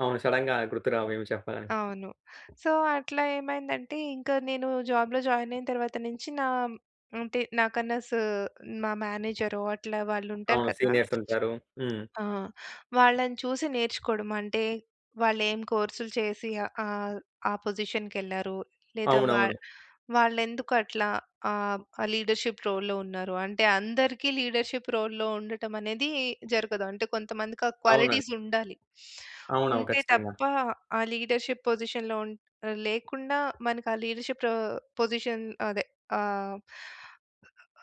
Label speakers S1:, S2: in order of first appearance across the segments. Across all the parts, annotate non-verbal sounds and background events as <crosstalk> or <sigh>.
S1: అవును. సడెన్‌గా గుర్తు రావు ఏమి చెప్పడానికి.
S2: అవును. సో, అట్లా ఏమైందంటే ఇంకా నేను జాబ్‌లో జాయిన్ అయిన తరువాత నుంచి, నా అంటే నాకన్నా స మా మేనేజరొ అట్లా వాళ్ళుంటారు
S1: అవును.
S2: కదా.
S1: సీనియర్స్ ఉంటారు, హ్మ్.
S2: ఆ! వాళ్ళని చూసి నేర్చుకోడం. అంటే వాళ్ళేం కోర్స్‌లు చేసి ఆహ్, ఆహ్, ఆ పొజిషన్‌కెళ్లారు, లేదా
S1: అవునవును.
S2: వాళ్ వాళ్ళెందుకట్లా ఆహ్, లీడర్‌షిప్ రోల్‌లో ఉన్నారు. అంటే, అందరికి లీడర్‌షిప్ రోల్‌లో ఉండటం అనేది జరగదు. అంటే కొంతమందికి ఆ
S1: అవునండి.
S2: క్వాలిటీస్ ఉండాలి.
S1: అవునవును.
S2: ఉంటే
S1: ఖచ్చితంగా.
S2: తప్ప ఆ లీడర్‌షిప్ పొజిషన్‌లో ఉన్ లేకుండా మనకి ఆ లీడర్‌షిప్ ఆహ్, పొజిషన్ అదె ఆహ్...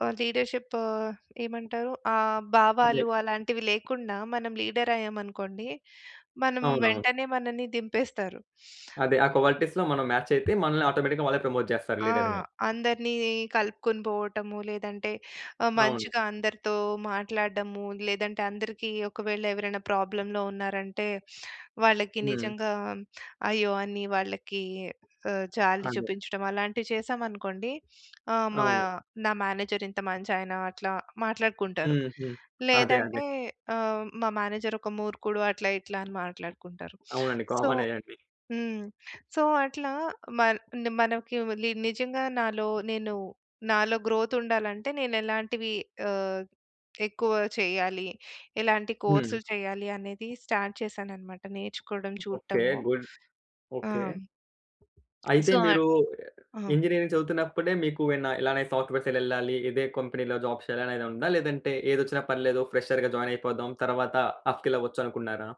S2: ఆ లీడర్‌షిప్ ఆహ్, ఏమంటారు ఆహ్,
S1: అదే.
S2: భావాలు అలాంటివి లేకుండా మనం లీడర్ అయ్యామనుకోండి. మనం
S1: అవునవును.
S2: వెంటనే మనల్ని దింపేస్తారు. <sniffs>
S1: అదే. ఆ క్వాలిటీస్‌లో మనం మాచ్ అయితే మనల్ని ఆటోమేటిక్‌గా వాళ్ళే ప్రమోట్ చేస్తారు
S2: ఆ!
S1: లీడర్‌గా.
S2: అందరిని కలుపుకొని పోవటము. లేదంటే ఆ
S1: అవును.
S2: మంచిగా అందరితో మాట్లాడడము. లేదంటే అందరికీ ఒకవేళ ఎవరైనా ప్రాబ్లమ్‌లో ఉన్నారంటే, వాళ్ళకి
S1: హ్మ్.
S2: నిజంగా అయ్యో! అని వాళ్ళకి ఆహ్, జాలి
S1: అదే.
S2: చూపించడం అలాంటివి చేశామనుకోండి ఆహ్, మా
S1: అవును.
S2: నా మేనేజర్ ఇంత మంచాయన అట్లా మాట్లాడుకుంటారు.
S1: హ్మ్, హ్మ్. అదే. అదే.
S2: లేదంటే ఆహ్, మా మేనేజర్ ఒక మూర్ఖుడు అట్లా, ఇట్లా అని మాట్లాడుకుంటారు.
S1: అవునండి.
S2: సో
S1: కామనే అది.
S2: హ్మ్. సో, అట్లా మర్ మనకి నిజంగా నాలో నేను నాలో గ్రోత్ ఉండాలంటే నేను ఎలాంటివి ఆహ్, ఎక్కువ చేయాలి? ఎలాంటి
S1: హ్మ్.
S2: కోర్సులు చేయాలనేది స్టార్ట్ చేశాననమాట. నేర్చుకోవడం
S1: ఓకె.
S2: చూడటము.
S1: గుడ్.
S2: ఆ!
S1: ఓకె. అయితే
S2: సో ఆహ్,
S1: మీరు
S2: ఆ!
S1: ఇంజినీరింగ్ చదువుతున్నప్పుడే మీకు ఏమైనా ఇలానే సాఫ్ట్‌వేర్ సైడ్ ఎళ్ళాలి. ఇదే కొంపెనీ‌లో జాబ్ చేయాలని ఏదా ఉందా? లేదంటే ఏదొచ్చిన పర్లేదు ఫ్రెషర్‌గా జాయిన్ అయిపోదాం తరవాత ఆప్‌స్కేల్ అవ్వచ్చనుకున్నారా?